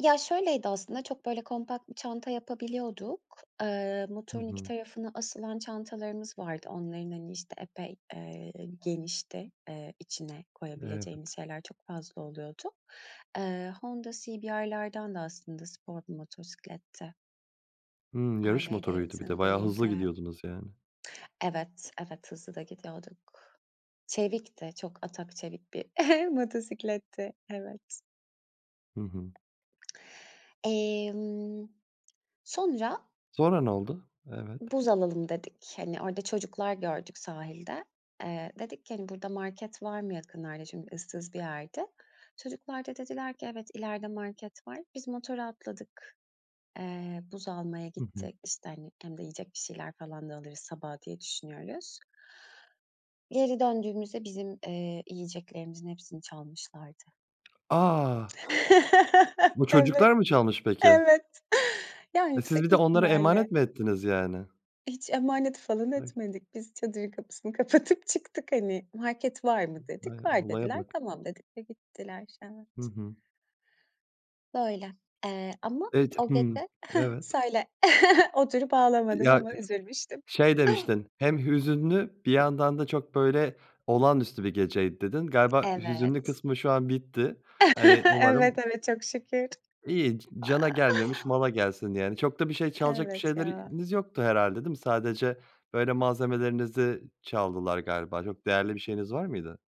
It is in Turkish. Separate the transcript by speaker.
Speaker 1: Ya şöyleydi aslında, çok böyle kompakt bir çanta yapabiliyorduk. Eee,
Speaker 2: Hı
Speaker 1: motorun 2
Speaker 2: hı.
Speaker 1: tarafına asılan çantalarımız vardı. Onların, hani, işte, epey, eee, genişti. Eee, içine
Speaker 2: Evet.
Speaker 1: koyabileceğimiz şeyler çok fazla oluyordu. Eee, Honda CBR'lardandı aslında, spor bir motosikletti.
Speaker 2: Hımm. Yarış
Speaker 1: Harley
Speaker 2: motoruydu bir de.
Speaker 1: Davidson
Speaker 2: Bayağı
Speaker 1: değildi.
Speaker 2: hızlı gidiyordunuz yani.
Speaker 1: Evet, evet, hızlı da gidiyorduk. Çevikti, çok atak çevik bir motosikletti, evet.
Speaker 2: Hı hı.
Speaker 1: Emm, sonra
Speaker 2: Sonra ne oldu? Evet.
Speaker 1: Buz alalım dedik. Hani, orada çocuklar gördük sahilde. Eee, dedik ki, hani, "Burada market var mı yakınlarda?" Çünkü ıssız bir yerdi. Çocuklar da dediler ki: "Evet, ileride market var." Biz motora atladık. Eee, buz almaya
Speaker 2: Hı hı.
Speaker 1: gittik, işte hani, hem de yiyecek bir şeyler falan da alırız sabaha diye düşünüyoruz. Geri döndüğümüzde bizim, eee, yiyeceklerimizin hepsini çalmışlardı.
Speaker 2: A! Bu
Speaker 1: Evet,
Speaker 2: çocuklar mı çalmış peki?
Speaker 1: evet. Ya
Speaker 2: E siz
Speaker 1: yüksek
Speaker 2: bir de onlara
Speaker 1: ihtimalle
Speaker 2: emanet mi ettiniz yani?
Speaker 1: Hiç emanet falan
Speaker 2: [unintelligible]
Speaker 1: etmedik. Biz çadırın kapısını kapatıp çıktık, hani. "Market var mı?"
Speaker 2: Ay
Speaker 1: dedik, "Var."
Speaker 2: olaya
Speaker 1: dediler.
Speaker 2: bak.
Speaker 1: "Tamam." dedik ve gittiler.
Speaker 2: Hı
Speaker 1: Evet.
Speaker 2: hı.
Speaker 1: Böyle. Eee, ama
Speaker 2: Eee, d
Speaker 1: o
Speaker 2: hımm.
Speaker 1: gece heh
Speaker 2: Evet.
Speaker 1: söyle oturup
Speaker 2: Eee,
Speaker 1: ağlamadım
Speaker 2: ya
Speaker 1: ama üzülmüştüm.
Speaker 2: şey demiştin: "Hem hüzünlü bir yandan da çok böyle olağanüstü bir geceydi." dedin. Galiba hüzünlü
Speaker 1: Evet.
Speaker 2: kısmı şu an bitti. Hani umarım.
Speaker 1: Evet, evet çok şükür.
Speaker 2: İyi. C cana gelmemiş mala gelsin yani, çok da bir şey çalacak bir
Speaker 1: Evet ya.
Speaker 2: şeyleriniz yoktu herhâlde değil mi? Sadece böyle malzemelerinizi çaldılar galiba. Çok değerli bir şeyiniz var mıydı?